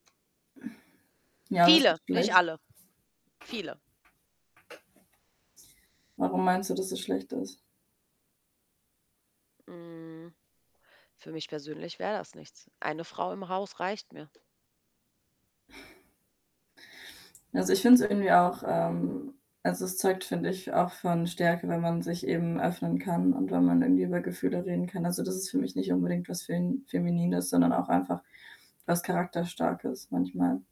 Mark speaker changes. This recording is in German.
Speaker 1: Ja, was
Speaker 2: Viele,
Speaker 1: ist
Speaker 2: nicht
Speaker 1: schlecht?
Speaker 2: alle. Viele.
Speaker 1: Warum meinst du, dass es schlecht ist?
Speaker 2: Mhm. Für mich persönlich wäre das nichts. 1 Frau im Haus reicht mir.
Speaker 1: Also, ich finde es irgendwie auch, ähm also es zeugt, finde ich, auch von Stärke, wenn man sich eben öffnen kann und wenn man irgendwie über Gefühle reden kann. Also, das ist für mich nicht unbedingt was Fem Feminines, sondern auch einfach was Charakterstarkes manchmal.